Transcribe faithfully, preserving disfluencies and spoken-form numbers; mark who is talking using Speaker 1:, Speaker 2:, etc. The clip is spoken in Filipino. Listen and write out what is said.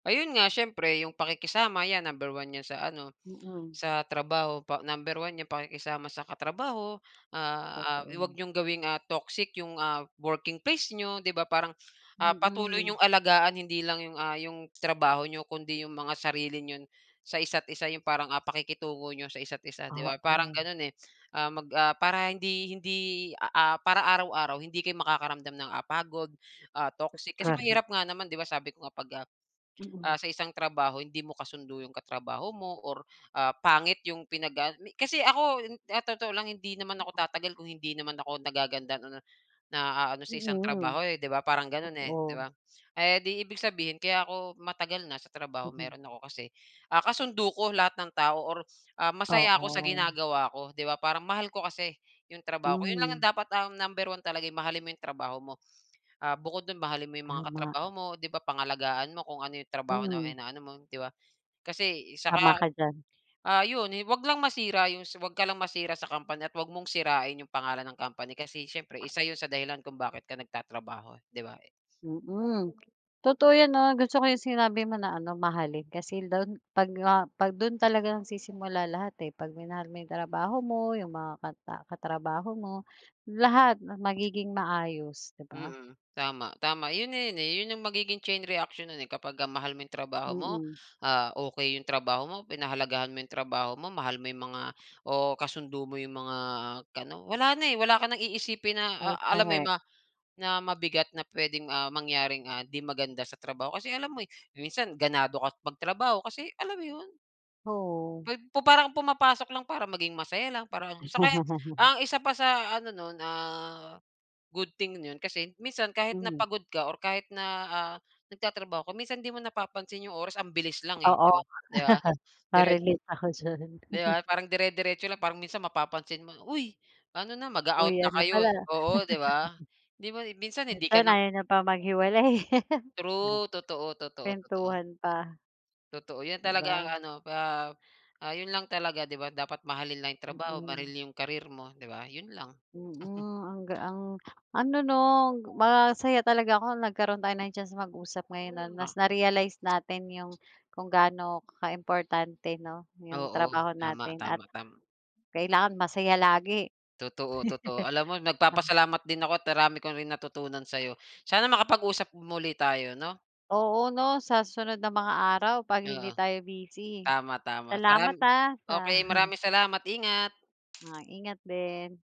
Speaker 1: Ayun nga, siyempre 'yong pakikisama 'yan, number one 'yan sa ano,
Speaker 2: Mm.
Speaker 1: sa trabaho pa number one yung pakikisama sa katrabaho. Ah ah, yung huwag
Speaker 2: Okey.
Speaker 1: niyong gawing, ah, toxic 'yong, ah, working place niyo, di ba? Parang, ah, patuloy
Speaker 2: Mm.
Speaker 1: niyong alagaan hindi lang 'yong, ah, 'yong trabaho niyo kundi 'yong mga sarili niyon sa isa't isa, 'yong parang, ah, pakikitungo n'yo sa isa't isa, 'di ba, parang
Speaker 2: Oo.
Speaker 1: gano'n, eh. Ah, mag ah, para hindi hindi, a ah, para araw-araw hindi kayo makakaramdam ng, ah, pagod, ah,
Speaker 2: Tot
Speaker 1: toxic. Kasi
Speaker 2: korek.
Speaker 1: mahirap nga naman, 'di ba, sabi ko nga, pag, ah, ah,
Speaker 2: Mm.
Speaker 1: sa isang trabaho hindi mo kasundo 'yong katrabaho mo or ah, pangit 'yong pinag-aano mi kasi ako in sa totoo lang hindi naman ako
Speaker 2: Oo.
Speaker 1: tatagal kung hindi naman ako nagagandahan o na naaano sa isang
Speaker 2: Mm.
Speaker 1: trabaho, eh, 'di ba, parang gano'n, eh, 'di
Speaker 2: Totoo.
Speaker 1: ba? Eh, di ibig sabihin kaya ako matagal na sa trabaho
Speaker 2: Mm.
Speaker 1: meron ako kasi, ah, kasundo ko lahat ng tao or, ah, masaya ako sa
Speaker 2: Oo.
Speaker 1: ginagawa ko, 'di ba? Parang mahal ko kasi 'yong trabaho ko, 'yon lang yung
Speaker 2: Mm.
Speaker 1: dapat, ah, number one talaga, eh, mahalin mo 'yong trabaho mo. Ah, bukod do'n, mahalin mo 'yong mga
Speaker 2: Tama.
Speaker 1: katrabaho mo, 'di ba, pangalagaan mo kung ano 'yong trabaho na
Speaker 2: Hmm.
Speaker 1: inaano mo, 'di ba? Kasi, eh, saka,
Speaker 2: Tama ka diyan.
Speaker 1: ah, 'yon, eh, 'wag lang masira 'yong sa 'wag ka lang masira sa company at huwag mong sirain 'yong pangalan ng company kasi siyempre isa 'yon sa dahilan kung bakit ka nagtatrabaho, eh, di ba?
Speaker 2: Mm. Totoo 'yan, 'no? Gusto ko 'yong sinabi mo na ano, mahalin. Kasi lon pag nga pag dun talaga nagsisimula lahat, eh, pag minahal mo 'yong trabaho mo, 'yong mga kata katrabaho mo, lahat 'no, magiging maayos, 'di ba?
Speaker 1: Mm, tama, tama 'yon na 'yon, eh, 'yon 'yong magiging chain reaction nun, eh, kapagka mahal mo 'yong trabaho mo,
Speaker 2: Mm.
Speaker 1: ah, okey 'yong trabaho mo, pinahalagahan mo 'yong trabaho mo, mahal mo 'yong mga o kasundo mo 'yong mga kaano. Wala na, eh, wala ka ng iisipin na,
Speaker 2: Oh
Speaker 1: ah, alam mo 'yon,
Speaker 2: correct.
Speaker 1: ma na mabigat na pwedeng, ah, mangyaring, ah, 'di maganda sa trabaho. Kasi alam mo, eh, minsan ganado ka magtrabaho kasi alam mo 'yon?
Speaker 2: Oo.
Speaker 1: 'Pag pu parang pumapasok lang para maging masaya lang, parang So kaya ang isa pa sa ano nun, ah, good thing nun kasi minsan kahit na
Speaker 2: Mhm.
Speaker 1: pagod ka or kahit na, ah, nagtatrabaho ka, minsan 'di mo napapansin 'yong oras, ang bilis lang, eh,
Speaker 2: Oo,
Speaker 1: di ba, di ba? Dire
Speaker 2: ma-relate ako diyan.
Speaker 1: Di ba, parang dire-diretso lang, parang minsan mapapansin mo, uy, ano na, mag-a-out na
Speaker 2: Uwian na
Speaker 1: kayo,
Speaker 2: pala.
Speaker 1: eh, oo, di ba? Di ba, eh, minsan hindi ka
Speaker 2: Minsan
Speaker 1: na
Speaker 2: ayaw niyo pa maghiwalay.
Speaker 1: True, totoo, totoo, totoo.
Speaker 2: Kwentuhan pa.
Speaker 1: Totoo 'yan
Speaker 2: Di
Speaker 1: talaga, ang
Speaker 2: ba?
Speaker 1: ano pa ah, 'yon lang talaga, 'di ba, dapat mahalin lang 'yong trabaho, maril
Speaker 2: Mm.
Speaker 1: 'yong career mo, 'di ba? Yon lang.
Speaker 2: Mm, ang ga ang ano 'no, masaya talaga ako nung nagkaroon tayo ng chance na mag-usap ngayon, ano? Mas
Speaker 1: A
Speaker 2: na-realize natin 'yong kung gaano kaimportante, 'no, 'yong
Speaker 1: Oo,
Speaker 2: trabaho
Speaker 1: tama,
Speaker 2: natin at
Speaker 1: tama, tam
Speaker 2: kailangan masaya lagi.
Speaker 1: Totoo, totoo. Alam mo,
Speaker 2: Ah.
Speaker 1: nagpapasalamat din ako at ang rami ko rin natutunan sa'yo. Sana makapag-usap muli tayo, 'no?
Speaker 2: Oo, 'no, sa susunod na mga araw, 'pag
Speaker 1: Oo.
Speaker 2: hindi tayo busy.
Speaker 1: Tama, tama at maram
Speaker 2: Salamat, ah, sa
Speaker 1: okey, maraming salamat, ingat!
Speaker 2: Ay, ingat din.